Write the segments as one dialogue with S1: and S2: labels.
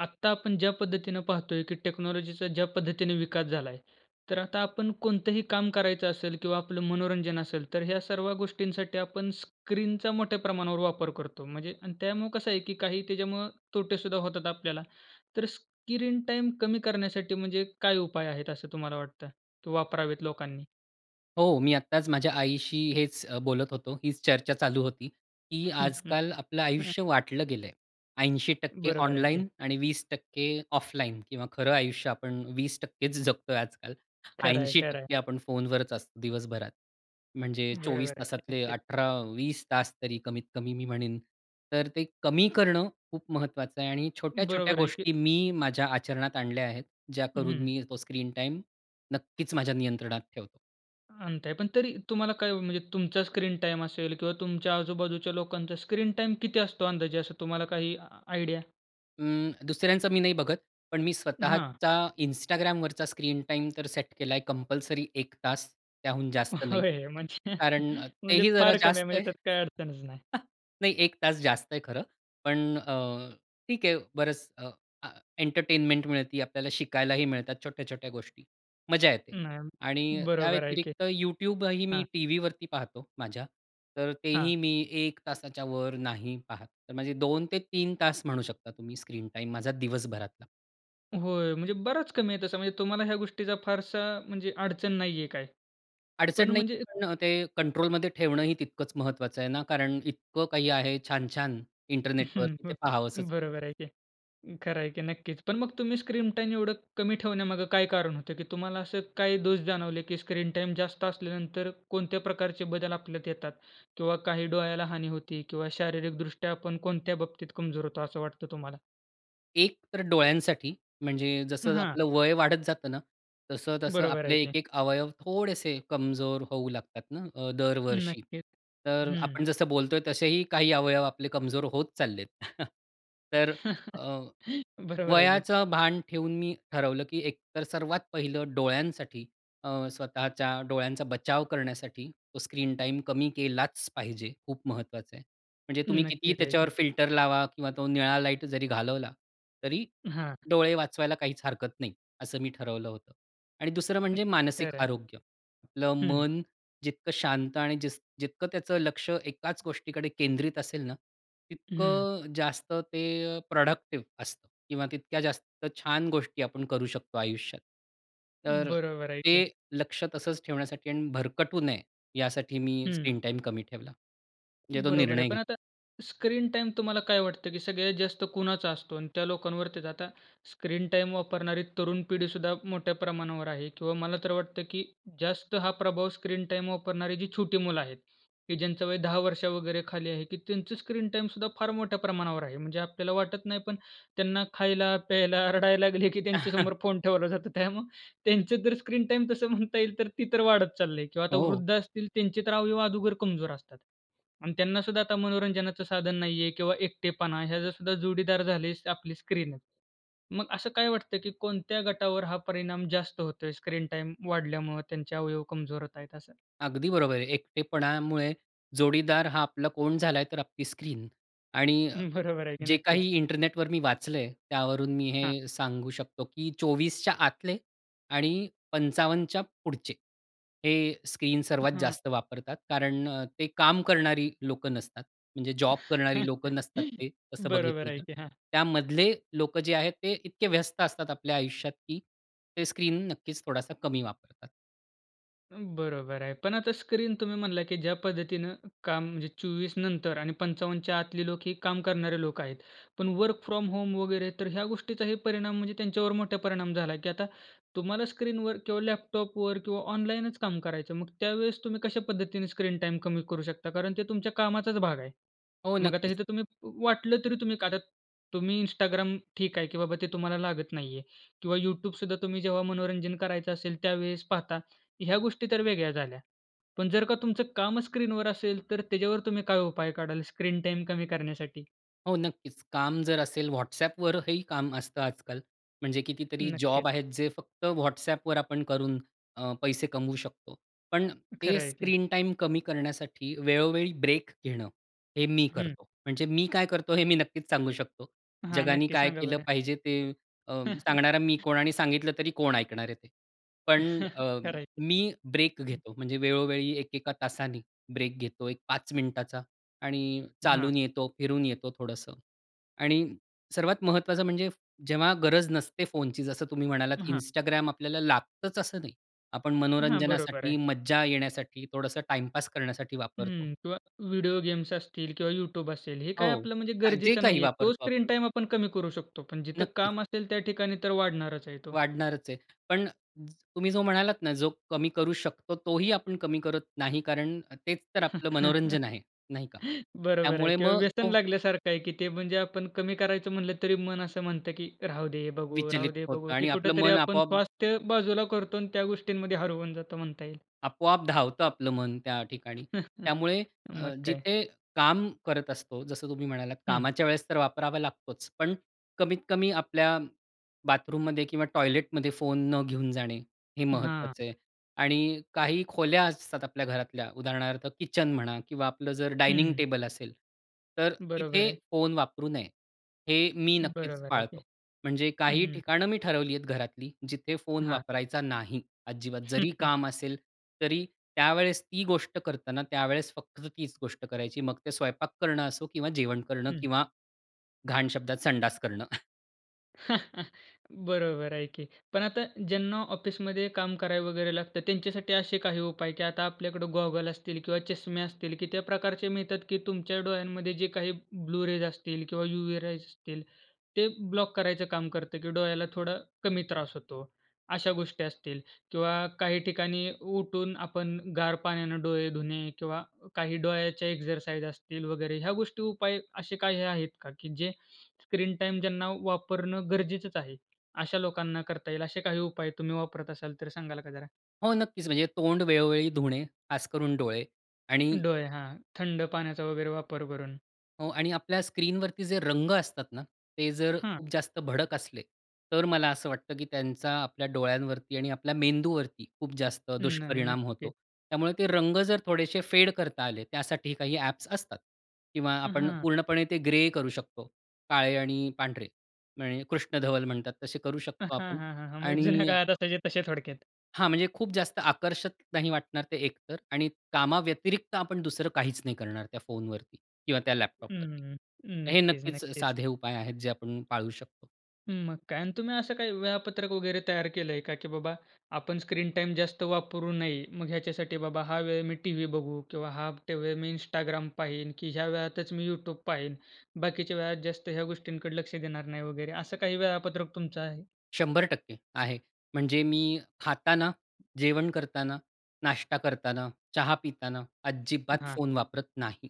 S1: आत्ता आपण ज्या पद्धतीने पाहतोय की टेक्नॉलॉजीचा ज्या पद्धतीने विकास झालाय, तर आता आपण कोणतंही काम करायचं असेल किंवा आपलं मनोरंजन असेल, तर ह्या सर्व गोष्टींसाठी आपण स्क्रीनचा मोठ्या प्रमाणावर वापर करतो. म्हणजे आणि त्यामुळे कसं आहे की काही त्याच्यामुळं तोटे सुद्धा होतात आपल्याला. तर स्क्रीन टाईम कमी करण्यासाठी म्हणजे काय उपाय आहेत असं तुम्हाला वाटतं? तो वापरावेत लोकांनी?
S2: हो, मी आत्ताच माझ्या आईशी हेच अ, बोलत होतो, हीच चर्चा चालू होती. की आजकाल आपलं आयुष्य वाटलं गेलंय. 80%
S1: बरोबर आहे की.
S2: ऑनलाईन आणि 20% ऑफलाईन किंवा खरं आयुष्य आपण 20%चं जगतोय आजकाल.
S1: खरं आहे,
S2: ऐंशी
S1: खरं आहे.
S2: टक्के आपण फोनवरच असतो दिवसभरात. म्हणजे 24
S1: बरोबर आहे की.
S2: तासातले
S1: नक्कीच.
S2: 18-20 तासतरी कमीत-कमी मी म्हणेन. तर ते कमी करणं खूप महत्वाचं आहे आणि छोट्या-छोट्या
S1: बरोबर आहे की.
S2: गोष्टी मी, माझ्या आचरणात आणल्या आहेत. ज्या करून
S1: हं.
S2: मी तो स्क्रीन टाईम नक्कीच माझ्या नियंत्रणात ठेवतो.
S1: अंत आहे. पण तरी तुम्हाला काय ओ म्हणजे तुमचा स्क्रीन टाईम असेल किंवा तुमच्या आजूबाजूच्या लोकांचा स्क्रीन टाईम किती असतो अंदाजे असं तुम्हाला काही आयडिया?
S2: अं, दुसऱ्यांचं मी नाही बघत. पण मी
S1: हां.
S2: स्वतःच्या Instagramवरचा स्क्रीन टाईम तर सेट केलाय कंपल्सरी 1 तास, त्याहून जास्त नाही.
S1: होय म्हणजे
S2: कारण
S1: म्हणजे
S2: तेही जरा
S1: फार कमी आहे,
S2: जास्त
S1: म्हणजे
S2: आहे.
S1: त्यात काही अडचणचं नाही.
S2: नाही 1 तास जास्त आहे खरं. पण अ, ठीक आहे बरंच अ, अ, एंटरटेनमेंट मिळती आपल्याला. शिकायलाही मिळतात छोट्या-छोट्या गोष्टी. मजा येते. आणि
S1: नाही.
S2: त्या
S1: बरोबर आहे की.
S2: व्यतिरिक्त YouTubeही मी
S1: हां.
S2: टीव्हीवरती पाहतो माझ्या, तर
S1: हां.
S2: तेही मी 1 तासाच्यावर नाही पाहत. तर माझे 2-3 तास म्हणू शकता तुम्ही स्क्रीन टाईम माझा दिवसभरातला.
S1: होय. म्हणजे बराच कमी आहे तसं म्हणजे तुम्हाला ह्या गोष्टीचा फारसा म्हणजे अडचण नाही आहे काय?
S2: अडचण
S1: पण
S2: नाही
S1: म्हणजे
S2: पण अ, ते कंट्रोल मध्ये ठेवणंही तितकंच महत्वाचं आहे ना, कारण इतकं काही आहे छान-छान इंटरनेटवरती ते
S1: हं,
S2: पाहावस वाटते.
S1: बरोबर आहे की अ, खरं आहे की नक्कीच. पण मग तुम्ही स्क्रीन टाईम एवढं कमी ठेवण्यामागे काय कारण होतं, की तुम्हाला असं काही दोष जाणवले, की स्क्रीन टाईम जास्त असल्यानंतर कोणत्या प्रकारचे बदल आपल्यात येतात किंवा काही डोळ्याला हानी होती किंवा शारीरिक दृष्ट्या आपण कोणत्या बाबतीत कमजोर होतो. असं वाटतं तुम्हाला?
S2: एक तर डोळ्यांसाठी म्हणजे जसं
S1: हां.
S2: आपलं वय वाढत जातं ना, तसं-तसं
S1: बरोबर
S2: आपले
S1: आहे की.
S2: एक-एक अवयव थोडेसे कमजोर होऊ लागतात ना अ, दरवर्षी.
S1: नक्कीच,
S2: तर
S1: हं.
S2: आपण जसं बोलतो आहे, तसेही काही अवयव आपले कमजोर होत चाललेत. तर अ,
S1: बरोबर आहे की.
S2: वयाचं भान ठेवून मी ठरवलं की एक तर सर्वात पहिलं डोळ्यांसाठी अ, स्वतःच्या डोळ्यांचा बचाव करण्यासाठी, तो स्क्रीन टाईम कमी केलाच पाहिजे. खूप महत्वाचं आहे. म्हणजे तुम्ही कितीही
S1: नक्कीच, आहे
S2: त्याच्यावर
S1: की.
S2: फिल्टर लावा किंवा तो निळा लाईट जरी घालवला तरी,
S1: हां.
S2: डोळे वाचवायला काहीच हरकत नाही असं मी ठरवलं होतं आणि दुसरं म्हणजे मानसिक
S1: खरं आहे.
S2: आरोग्य, आपलं
S1: हं.
S2: मन जितकं शांत आणि जिस जितकं त्याचं लक्ष एकाच गोष्टीकडे केंद्रित असेल ना,
S1: हम्म.
S2: तितकं जास्त ते प्रॉडक्टिव्ह असतं किंवा तितक्या जास्त छान गोष्टी आपण करू शकतो आयुष्यात. तर
S1: बरोबर आहे की.
S2: ते लक्ष तसंच ठेवण्यासाठी आणि भरकटू नये यासाठी मी
S1: हं.
S2: स्क्रीन टाईम कमी ठेवला. जे तो
S1: बरोबर आहे.
S2: निर्णय
S1: पण आता
S2: घेतला.
S1: स्क्रीन टाईम तुम्हाला काय वाटतं, की सगळ्यात जास्त कुणाचा असतो आणि त्या लोकांवरती आता स्क्रीन टाईम वापरणारी तरुण पिढी सुद्धा मोठ्या प्रमाणावर आहे. किंवा मला तर वाटतं, की जास्त हा प्रभाव स्क्रीन टाईम वापरणारी जी छोटी मुलं आहेत, की ज्यांचं वय 10 वर्ष वगैरे खाली आहे, की त्यांचं स्क्रीन टाईम सुद्धा फार मोठ्या प्रमाणावर आहे. म्हणजे आपल्याला वाटत नाही पण त्यांना खायला, प्यायला, रडायला लागले की त्यांच्यासमोर फोन ठेवला जातो, त्यामुळे त्यांचं जर स्क्रीन टाईम तसं म्हणता येईल तर ती तर वाढत चालले किंवा आता
S2: हो.
S1: वृद्ध असतील त्यांचे तर अवयव अगोदर कमजोर असतात. आणि त्यांना सुद्धा आता मनोरंजनाचं साधन नाही आहे किंवा एकटेपणा हे जर सुद्धा जोडीदार झाले आहे आपली स्क्रीन आहे. मग असं काय वाटतं, की कोणत्या गटावर हा परिणाम जास्त होतोय? स्क्रीन टाईम वाढल्यामुळं त्यांचे अवयव कमजोर होत आहेत असं?
S2: अगदी बरोबर आहे. एकटेपणामुळे जोडीदार हा आपला कोण झाला आहे. तर आपली स्क्रीन आणि अ,
S1: हं, बरोबर आहे की.
S2: जे
S1: नक्कीच.
S2: काही इंटरनेटवर मी वाचलं आहे. त्यावरून मी
S1: हां.
S2: हे सांगू शकतो, की 24च्या आतले आणि 55च्या पुढचे हे स्क्रीन सर्वात
S1: हां.
S2: जास्त वापरतात, कारण ते काम करणारी लोकं नसतात. म्हणजे जॉब करणारी लोकं नसतात ते असं
S1: बरोबर
S2: बघितलं
S1: आहे
S2: तर,
S1: की हां.
S2: त्यामधले लोक जे आहेत ते इतके व्यस्त असतात आपल्या आयुष्यात, की ते स्क्रीन नक्कीच थोडासा कमी वापरतात.
S1: बरोबर आहे. पण आता स्क्रीन तुम्ही म्हणला की ज्या पद्धतीनं काम म्हणजे 24नंतर आणि 55च्या आतली लोक ही काम करणारे लोक आहेत. पण वर्क फ्रॉम होम वगैरे, तर ह्या गोष्टीचाही परिणाम म्हणजे त्यांच्यावर मोठा परिणाम झाला, की आता तुम्हाला स्क्रीनवर किंवा लॅपटॉपवर किंवा ऑनलाईनच काम करायचं. मग त्यावेळेस तुम्ही कशा पद्धतीने स्क्रीन टाईम कमी करू शकता? कारण ते तुमच्या कामाचाच भाग आहे.
S2: हो,
S1: मग आता
S2: नक्कीच.
S1: इथे तुम्ही वाटलं तरी तुम्ही आता तुम्ही Instagram ठीक आहे की बाबा ते तुम्हाला लागत नाही आहे किंवा YouTube सुद्धा तुम्ही जेव्हा मनोरंजन करायचं असेल, त्यावेळेस पाहता ह्या गोष्टीतर वेगळ्या झाल्या. पण जर का तुमचं कामचं स्क्रीनवर असेल, तर त्याच्यावर तुम्ही काय उपाय काढाल स्क्रीन टाईम कमी करण्यासाठी?
S2: हो, नक्कीच. काम जर असेल WhatsAppवर हेही काम असतं आजकाल. म्हणजे कितीतरी जॉब
S1: नक्कीच.
S2: आहेत, जे फक्त WhatsAppवर आपण करून अ, पैसे कमवू शकतो. पण ते
S1: खरं आहे की.
S2: स्क्रीन टाईम कमी करण्यासाठी वेळोवेळी ब्रेक घेणं, हे मी
S1: हं.
S2: करतो. म्हणजे मी काय करतो, हे मी नक्कीच सांगू शकतो.
S1: हां,
S2: जगाने
S1: नक्की
S2: काय
S1: सांगा
S2: केलं
S1: बरं.
S2: पाहिजे ते अ, सांगणारा मी कोण आणि सांगितलं तरी कोण ऐकणार आहे ते. पण अ,
S1: खरं आहे की.
S2: मी ब्रेक
S1: हं.
S2: घेतो. म्हणजे वेळोवेळी एका-एका तासाने ब्रेक घेतो एक 5 मिनिटाचा आणि
S1: हां.
S2: चालून येतो, फिरून येतो थोडंसं. आणि सर्वात महत्त्वाचं म्हणजे, जेव्हा गरज नसते फोनची जसं तुम्ही म्हणालात
S1: हां.
S2: Instagram आपल्याला लागतंच असं नाही. आपण
S1: हां, बरोबर
S2: मनोरंजनासाठी,
S1: आहे.
S2: मज्जा येण्यासाठी थोडंसं टाईमपास करण्यासाठी वापरतो.
S1: हं. किंवा व्हिडिओ गेम्स असतील किंवा YouTube असेल हे काय
S2: हो,
S1: आपलं म्हणजे
S2: अ, जे
S1: गरजेचं
S2: काही
S1: नाही आहे. तो
S2: वापरतो
S1: स्क्रीन
S2: आपण.
S1: टाईम आपण कमी करू शकतो. पण जिथं
S2: नक्कीच.
S1: काम असेल, त्या ठिकाणी तर वाढणारच आहे तो.
S2: वाढणारच आहे. पण तुम्ही जो म्हणालात ना, जो कमी करू शकतो. तोही आपण कमी करत नाही, कारण तेच तर आपलं मनोरंजन आहे. नाही का?
S1: बरोबर आहे
S2: त्यामुळे
S1: किंवा
S2: मग
S1: व्यसन
S2: तो
S1: लागल्यासारखं आहे ते म्हणजे आपण कमी करायचं म्हटलं तरी मन असं म्हणतं, की "राहू दे, बघू,
S2: विचलित
S1: राहू दे,
S2: होत
S1: बघू." की
S2: आणि आपलं
S1: कुठेतरी
S2: मन
S1: आपण
S2: आपोआप
S1: स्वास्थ्य बाजूला करतो आणि त्या गोष्टींमध्ये हरवून जातो म्हणता येईल.
S2: आपोआप धावत आपलं मन त्या ठिकाणी. त्यामुळे
S1: मग
S2: अ,
S1: काय.
S2: जिथे काम करत असतो. जसं तुम्ही म्हणालात
S1: हं.
S2: कामाच्या वेळेसतर वापरावा लागतोच. पण कमीत कमी आपल्या बाथरूममध्ये किंवा टॉयलेटमध्ये फोन न घेऊन जाणे, हे
S1: हां.
S2: महत्वाचं आहे. आणि काही खोल्या असतात आपल्या घरातल्या उदाहरणार्थ किचन म्हणा किंवा आपलं जर डायनिंग
S1: हं.
S2: टेबल असेल, तर
S1: बरोबर
S2: तिथे
S1: आहे.
S2: फोन वापरू नये. हे मी नक्कीच
S1: बरोबर आहे की.
S2: पाळतो. म्हणजे
S1: हं,
S2: काही
S1: हं.
S2: ठिकाणं मी ठरवली आहेत घरातली, जिथे फोन
S1: हां.
S2: वापरायचा नाही. अजिबात जरी काम असेल, तरी त्यावेळेस ती गोष्ट करतांना त्यावेळेस फक्त तीच गोष्ट करायची मग ते स्वयंपाक करणं असो किंवा जेवण करणं
S1: हं.
S2: किंवा घाण शब्दात संडास करणं.
S1: बरोबर आहे की. पण आता ज्यांना ऑफिसमध्ये काम करावं वगैरे लागतं त्यांच्यासाठी असे काही उपाय, की आता आपल्याकडे गॉगल असतील किंवा चष्मे असतील, की त्या प्रकारचे मिळतात, की तुमच्या डोळ्यांमध्ये जे काही ब्लू रेज असतील किंवा युवी रेज असतील ते ब्लॉक करायचं काम करतं, की डोळ्याला थोडा कमी त्रास होतो. अशा गोष्टी असतील किंवा काही ठिकाणी उठून आपण गार पाण्याने डोळे धुणे किंवा काही डोळ्याच्या एक्सरसाइज असतील वगैरे ह्या गोष्टी उपाय असे काही आहेत का? की जे स्क्रीन टाईम ज्यांना वापरणं गरजेचंच आहे. अशा लोकांना करता येईल असे काही उपाय तुम्ही वापरत असाल तर सांगाल का जरा?
S2: हो. नक्कीच. म्हणजे तोंड वेळोवेळी धुणे, खासकरून डोळे आणि
S1: डोळे. हां. थंड पाण्याचा वगैरे वापर करून.
S2: हो. आणि आपल्या स्क्रीनवरती जे रंग असतात ना ते जर
S1: हां.
S2: खूप जास्त भडक असले, तर मला असं वाटतं, की त्यांचा आपल्या डोळ्यांवरती आणि आपल्या मेंदूवरती खूप जास्त
S1: न
S2: दुष्परिणाम होतो.
S1: नक्कीच.
S2: त्यामुळे ते रंग जर थोडेसे फेड करता आले त्यासाठी काही ॲप्स असतात. किंवा आपण
S1: हां.
S2: पूर्णपणे ते ग्रे करू शकतो, काळे आणि पांढरे म्हणजे कृष्णधवल म्हणतात तसे करू
S1: हा,
S2: शकतो
S1: हा,
S2: आपण.
S1: हा, हा. म्हणजे जुन्या
S2: आणि
S1: काळात असायचे तसे थोडक्यात.
S2: हां, म्हणजे खूप जास्त आकर्षक नाही वाटणार ते एकतर. आणि कामाव्यतिरिक्त आपण 2रं काहीचं नाही करणार त्या फोनवरती किंवा त्या
S1: हं,
S2: लॅपटॉपवरती.
S1: हं, हं.
S2: हे
S1: नक्कीच,
S2: नक्कीचं
S1: नक्कीच.
S2: साधे उपाय आहेत, जे आपण पाळू शकतो.
S1: मग काय. आणि तुम्ही असं काही वेळापत्रक वगैरे तयार केलं आहे का? की बाबा आपण स्क्रीन टाईम जास्त वापरू नये. मग ह्याच्यासाठी बाबा हा वेळ मी टीव्ही बघू किंवा हा टा वेळ मी Instagram पाहीन, की ह्या वेळातचं मी YouTube पाहीन. बाकीच्या वेळात जास्त ह्या गोष्टींकडे लक्ष देणार नाही वगैरे. असं काही वेळापत्रक तुमचं आहे?
S2: 100% आहे. म्हणजे मी खाताना, जेवण करताना, नाश्ता करताना, चहा पिताना
S1: अ,
S2: अजिबात
S1: हां.
S2: फोन वापरत नाही.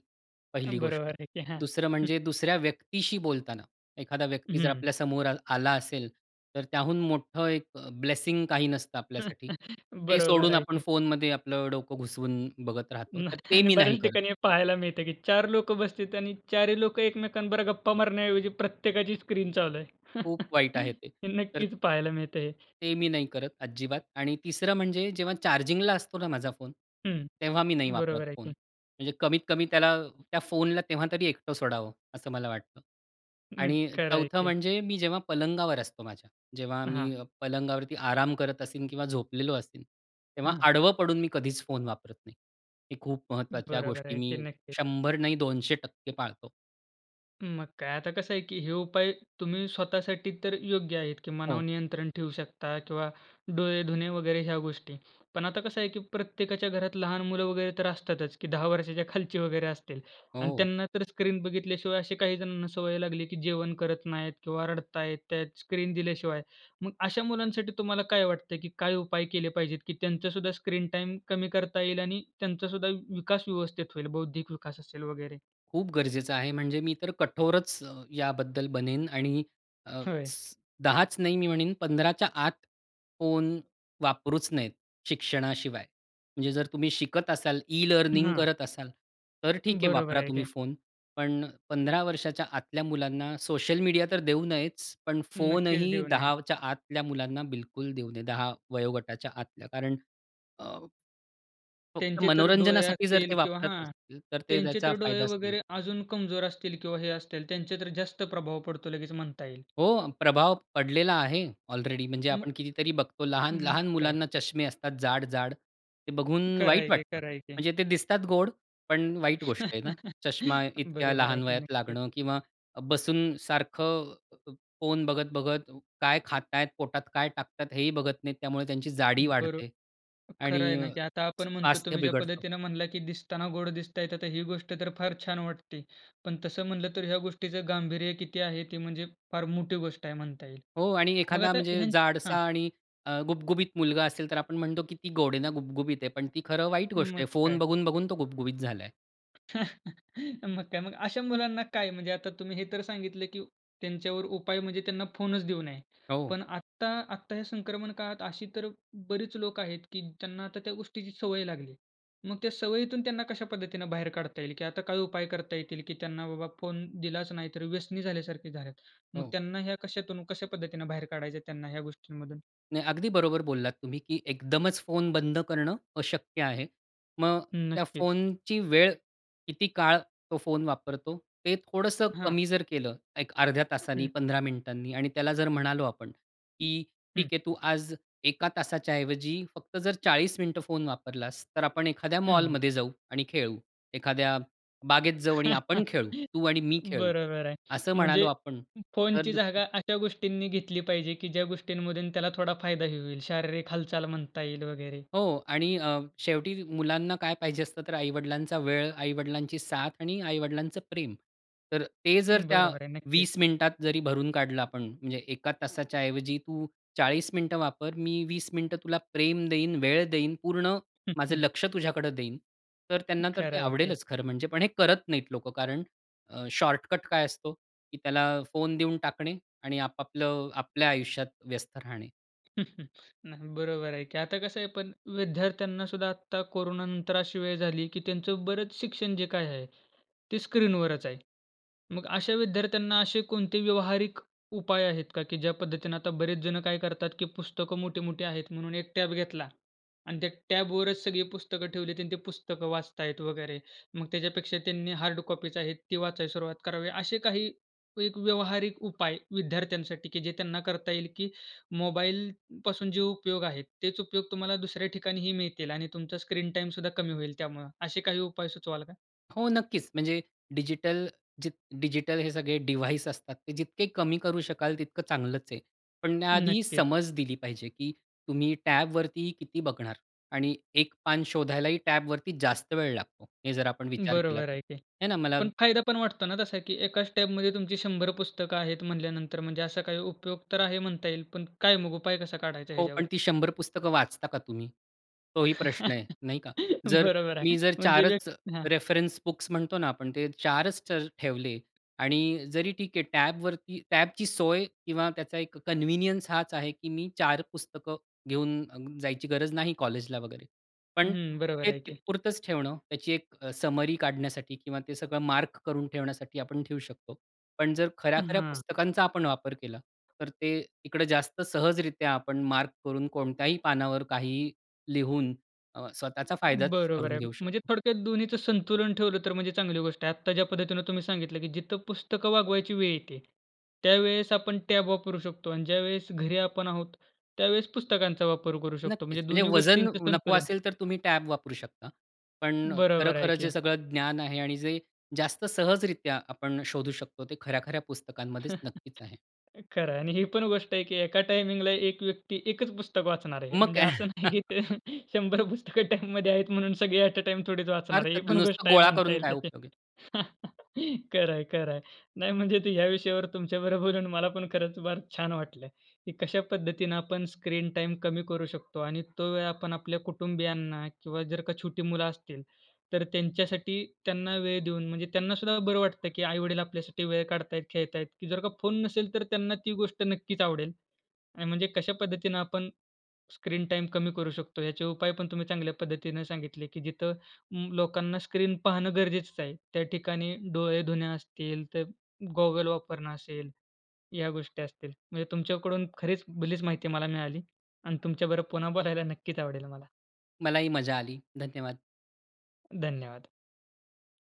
S2: पहिली
S1: बरोबर
S2: गोष्ट.
S1: आहे की हां.
S2: 2रं
S1: हं.
S2: म्हणजे दुसऱ्या व्यक्तीशी बोलताना एखादा व्यक्ती जर
S1: हं.
S2: आपल्या समोर आलं आला असेल, तर त्याहून मोठं एक अ, ब्लेसिंग काही नसतं आपल्यासाठी. ते
S1: बरोबर
S2: सोडून
S1: आहे
S2: आपण
S1: की,
S2: फोनमध्ये आपलं डोकं घुसवून बघत राहतो,
S1: मग.
S2: तर ते
S1: आणि
S2: मी नाही
S1: बऱ्याच
S2: करत.
S1: ठिकाणी हे पाहायला मिळत की 4 लोकं बसलेतं. आणि 4ही लोक एकमेकांबरोबर गप्पा मारण्याऐवजी प्रत्येकाची स्क्रीन चालू आहे.
S2: खूप वाईट आहे ते. तर
S1: नक्कीचं पाहायला मिळतं हे.
S2: ते मी नाही करत, अजिबात. आणि 3रं म्हणजे जेव्हा चार्जिंगला असतो ना, माझा फोन,
S1: हं.
S2: तेव्हा मी नाही वापरत
S1: बरोबर आहे
S2: फोन.
S1: की.
S2: म्हणजे कमीत-कमी त्याला त्या फोनला तेव्हा तरी एकटं सोडावं, असं मला वाटतं.
S1: नक्क
S2: आणि
S1: खरं आहे
S2: 4
S1: की.
S2: म्हणजे मी जेव्हा पलंगावर असतो माझ्या. जेव्हा
S1: हां.
S2: मी पलंगावरती आराम करत असेन किंवा झोपलेलो असेन, तेव्हा
S1: हां.
S2: आडवं पडून मी कधीचं फोन वापरत नाही. ही खूप महत्त्वाच्या
S1: बरोबर
S2: गोष्टी
S1: आहे की.
S2: मी
S1: नक्कीच.
S2: 100 नाही 200% पाळतो.
S1: मग काय. आता कसं आहे की हे उपाय तुम्ही स्वतःसाठी तर योग्य आहेत, की मनावर
S2: हो.
S1: नियंत्रण ठेवू शकता किंवा डोळे धुणे वगैरे ह्या गोष्टी. पण आता कसं आहे की प्रत्येकाच्या घरात लहान मुलं वगैरे तर असतातच की 10 वर्षाच्या खालची वगैरे असतील. आणि
S2: हो.
S1: त्यांना तर स्क्रीन बघितल्याशिवाय अशी काही जणांना सवय लागली की जेवण करत नाहीत किंवा रडत आहेत त्यात, स्क्रीन दिल्याशिवाय. मग अशा मुलांसाठी तुम्हाला काय वाटतंय की काय उपाय केले पाहिजेत की त्यांचा सुद्धा स्क्रीन टाईम कमी करता येईल आणि त्यांचा सुद्धा विकास व्यवस्थित होईल. बौद्धिक विकास असेल वगैरे?
S2: खूप गरजेचं आहे. म्हणजे मी तर कठोरच अ, याबद्दल बनेन आणि अ,
S1: होय.
S2: 10च नाही, मी म्हणेन 15च्या आत फोन वापरूच नयेत, शिक्षणाशिवाय. म्हणजे जर तुम्ही शिकत असाल ई-लर्निंग
S1: हां.
S2: करत असाल, तर ठीक आहे,
S1: बरोबर
S2: वापरा
S1: आहे
S2: तुम्ही
S1: की.
S2: फोन. पण 15 वर्षाच्या आतल्या मुलांना सोशल मीडिया तर देऊ नयेच, पण फोन
S1: नक्कीच
S2: ही
S1: देऊ नये.
S2: 10च्या आतल्या मुलांना बिलकुल देऊ नये. 10 वयोगटाच्या आतल्या कारण अ फक्त
S1: त्यांचे तर डोळे
S2: मनोरंजनासाठी जर
S1: असतील
S2: ते
S1: किंवा
S2: वापरत
S1: हां,
S2: असतील, तर ते
S1: त्यांचे
S2: त्याचा
S1: तर डोळे
S2: फायदाच नाही.
S1: वगैरे अजून कमजोर असतील किंवा हे असतील त्यांचे तर जास्त प्रभाव पडतो लगेच म्हणता येईल.
S2: हो, प्रभाव पडलेला आहे ऑलरेडी म्हणजे
S1: मग
S2: आपण कितीतरी बघतो
S1: मग
S2: लहान-लहान
S1: काय.
S2: मुलांना चष्मे असतात जाड-जाड. ते बघून
S1: खरं
S2: वाईट
S1: आहे की,
S2: वाटतं.
S1: खरं आहे की.
S2: म्हणजे ते दिसतात गोड, पण वाईट गोष्ट आहे ना, चष्मा इतक्या
S1: बरोबर आहे
S2: लहान
S1: की.
S2: वयात
S1: नक्कीच.
S2: लागणं किंवा बसून सारखं फोन अ, बघत-बघत काय खाताय पोटात काय टाकतात हेही बघत नाहीत, त्यामुळे त्यांची जाडी
S1: बरो
S2: वाढते.
S1: खरं आहे
S2: आणि अ,
S1: ना, की आता आपण म्हणतो
S2: स्वास्थ्य
S1: तुम्ही ज्या
S2: बिघडतं.
S1: पद्धतीने म्हणला की दिसताना गोड दिसत आहे, तर हि गोष्ट तर फार छान वाटते. पण तसं म्हणलं तर ह्या गोष्टीचं गांभीर्य किती आहे? ते म्हणजे फार मोठी गोष्ट आहे म्हणता येईल.
S2: हो. आणि
S1: मग
S2: एखादा
S1: आता
S2: म्हणजे
S1: ह्यांच हां.
S2: जाडसा आणि अ, गुबगुबीत मुलगा असेल तर आपण म्हणतो किती गोड ना, गुबगुबीत आहे. पण ती खरं वाईट गोष्ट
S1: मग
S2: आहे,
S1: काय.
S2: फोन बघून-बघून तो गुबगुबीत झालाय.
S1: मग काय मग अशा मुलांना काय म्हणजे आता तुम्ही हे तर सांगितलं, की त्यांच्यावर उपाय म्हणजे त्यांना फोनच देऊ नये.
S2: हो.
S1: पण आत्ता, आत्ता ह्या संक्रमण काळात अशी तर बरीच लोकं आहेत, की त्यांना आता त्या गोष्टीची सवय लागली आहे. मग त्या सवयीतून त्यांना कशा पद्धतीनं बाहेर काढता येईल? की आता काय उपाय करता येतील, की त्यांना बाबा फोन दिलाच नाही तर व्यसनी झाल्यासारखी झाल्यात. मग
S2: हो.
S1: त्यांना ह्या कशातून कशा पद्धतीनं बाहेर काढायचं त्यांना ह्या गोष्टींमधून?
S2: नाही अगदी बरोबर बोललात तुम्ही, की एकदमच फोन बंद करणं अशक्य आहे. मग त्या
S1: नक्कीच.
S2: फोनची वेळ, किती काळ तो फोन वापरतो ते थोडंसं
S1: हां.
S2: कमी जर केलं 1 अर्ध्या तासाने
S1: हं.
S2: 15 मिनिटांनी आणि त्याला जर म्हणालो आपण, की ठीक
S1: हं.
S2: आहे तू आज 1 तासाच्या ऐवजी फक्त जर 40 मिनिटं फोन वापरलास तर आपण एखाद्या
S1: हं.
S2: मॉलमध्ये जाऊ आणि खेळू. एखाद्या बागेत जाऊ आणि आपण खेळू. तू आणि मी खेळू.
S1: बरोबर आहे.
S2: असं म्हणालो
S1: म्हणजे
S2: आपण तर
S1: फोनची
S2: नक्की
S1: जागा अशा गोष्टींनी घेतली पाहिजे, की ज्या गोष्टींमधून त्याला थोडा फायदाही होईल. शारीरिक हालचाल म्हणता येईल वगैरे.
S2: हो आणि अ, शेवटी मुलांना काय पाहिजे असतं तर आई-वडिलांचा वेळ, आई-वडिलांची साथ आणि आई-वडिलांचं प्रेम तर ते जर त्या
S1: बरोबर आहे,
S2: 20
S1: नक्कीच.
S2: मिनिटात जरी भरून काढलं आपण म्हणजे 1 तासाच्या ऐवजी तू 40 मिनिटं वापर. मी 20 मिनिटं तुला प्रेम देईन, वेळ देईन. पूर्ण माझं लक्ष्य तुझ्याकडं देईन. तर त्यांना तर
S1: खरं
S2: ते
S1: आहे की
S2: आवडेलच खरं म्हणजे पण हे करत नाहीत लोकं कारण अ, शॉर्टकट काय असतो, की त्याला फोन देऊन टाकणे आणि आपापलं आपल्या आयुष्यात व्यस्त राहणे.
S1: न हं, बरोबर आहे की. आता कसं आहे पण विद्यार्थ्यांना सुद्धा आत्ता कोरोनानंतर अशी वेळ झाली, की त्यांचं बरंच शिक्षण जे काय आहे ते स्क्रीनवरच आहे. मग अशा विद्यार्थ्यांना असे कोणते व्यावहारिक उपाय आहेत का, की ज्या पद्धतीने आता बरेच जण काय करतात, की पुस्तकं मोठी-मोठी आहेत म्हणून एक टॅब घेतला आणि त्या टॅबवरच सगळी पुस्तकं ठेवली आणि ती पुस्तकं वाचत आहेत वगैरे मग त्याच्यापेक्षा त्यांनी हार्ड कॉपीज आहेत ती वाचायला सुरुवात करावी. असे काही एक व्यावहारिक उपाय विद्यार्थ्यांसाठी, की जे त्यांना करता येईल की मोबाईलपासून जे उपयोग आहेत, तेच उपयोग तुम्हाला दुसऱ्या ठिकाणीही मिळतील आणि तुमचा स्क्रीन टाईम सुद्धा कमी होईल त्यामुळे असे काही उपाय सुचवाल का?
S2: हो नक्कीच, म्हणजे डिजिटल जे डिजिटल हे सगळे डिव्हाइस असतात ते जितके कमी करू शकाल तितकं चांगलंच आहे. पण त्या आधी
S1: नक्कीच.
S2: समज दिली पाहिजे, की तुम्ही टॅबवरती किती बघणार आणि एक पान शोधायलाही टॅबवरती जास्त वेळ लागतो. हे जर आपण विचार केलात
S1: बरोबर आहे की.
S2: आहे ना मला
S1: पण फायदा पण वाटतो ना तसा, की एकाचं टॅबमध्ये तुमची 100 पुस्तकं आहेत म्हणल्यानंतर, म्हणजे असा काही उपयोग तर आहे म्हणता येईल. पण काय मग उपाय कसा काढायचा
S2: हो पण
S1: ह्याच्यावर?
S2: ती 100 पुस्तकं वाचता का तुम्ही, तोही प्रश्न आहे. नाही का. जर
S1: बरोबर
S2: मी
S1: आहे,
S2: जर
S1: म्हणजे
S2: 4च
S1: [unintelligible] हां.
S2: रेफरन्स बुक्स म्हणतो ना, आपण ते 4च ठेवले आणि जरी ठीक आहे, टॅबवरती टॅबची सोय किंवा त्याचा एक कन्व्हिनियन्स हाच आहे, की मी 4 पुस्तकं घेऊन जायची गरज नाही कॉलेजला वगैरे. पण
S1: हं, बरोबर
S2: ते
S1: आहे
S2: तिथं
S1: की.
S2: पुरतंच ठेवणं त्याची एक समरी काढण्यासाठी किंवा ते सगळं मार्क करून ठेवण्यासाठी आपण ठेऊ शकतो. पण जर खऱ्या-खऱ्या
S1: हां.
S2: पुस्तकांचा आपण वापर केला तर ते इकडे जास्त सहजरित्या आपण मार्क करून कोणत्याही पानावर काही लिहून अ, स्वतःचा फायदाचं
S1: बरोबर
S2: करून
S1: आहे.
S2: घेऊ
S1: म्हणजे
S2: शकतो.
S1: थोडक्यात दोन्हीचं संतुलन ठेवलं तर म्हणजे चांगली गोष्ट आहे. आत्ता ज्या पद्धतीने तुम्ही सांगितलं की जिथं पुस्तकं वागवायची वेळ येते, त्यावेळेस आपण टॅब वापरू शकतो आणि ज्यावेळेस घरी आपण आहोत त्यावेळेस पुस्तकांचा वापर करू शकतो.
S2: नक्कीच,
S1: म्हणजे
S2: म्हणजे
S1: दोन्ही
S2: वजन
S1: गोष्टींचं
S2: नको
S1: संतुलन.
S2: असेल तर तुम्ही टॅब वापरू शकता. पण अ,
S1: बरोबर आहे
S2: खरं-खरं जे
S1: की.
S2: सगळं ज्ञान आहे आणि जे जास्त सहजरित्या आपण शोधू शकतो, ते खऱ्या-खऱ्या पुस्तकांमध्येच नक्कीच आहे.
S1: खरं आहे आणि ही पण गोष्ट आहे की एका टाईमिंगला एक व्यक्ती एकच पुस्तक वाचणार आहे.
S2: मग
S1: म्हणजे
S2: काय.
S1: असं नाही की 100 पुस्तक टाईममध्ये आहेत म्हणून सगळे ॲट अ, टाईम थोडीच वाचणार आहे.
S2: अर्थात,
S1: ही पण
S2: नसतं
S1: गोष्ट आहे
S2: गोळा
S1: म्हणता
S2: करून
S1: येईल
S2: काय
S1: तशी.
S2: उपयोग आहे.
S1: खरं आहे, खरं आहे नाही म्हणजे ते ह्या विषयावर तुमच्याबरोबर बोलून मला पण खरंच फार छान वाटलं, की कशा पद्धतीनं आपण स्क्रीन टाईम कमी करू शकतो आणि तो वेळ आपण आपल्या कुटुंबियांना किंवा जर का छोटी मुलं असतील तर त्यांच्यासाठी, त्यांना वेळ देऊन म्हणजे त्यांना सुद्धा बरं वाटतं की आई-वडील आपल्यासाठी वेळ काढत आहेत, खेळत आहेत, की जर का फोन नसेल तर त्यांना ती गोष्ट नक्कीच आवडेल आणि म्हणजे कशा पद्धतीनं आपण स्क्रीन टाईम कमी करू शकतो याचे उपाय पण तुम्ही चांगल्या पद्धतीने सांगितले की जिथं लोकांना स्क्रीन पाहणं गरजेचच आहे. त्या ठिकाणी डोळे धुणे असतील तर गॉगल वापरणं असेल, या गोष्टी असतील. म्हणजे तुमच्याकडून खरीच भलीच माहिती मला मिळाली आणि तुमच्याबरोबर पुन्हा बोलायला नक्कीच आवडेल मला.
S2: मलाही मजा आली. धन्यवाद.
S1: धन्यवाद.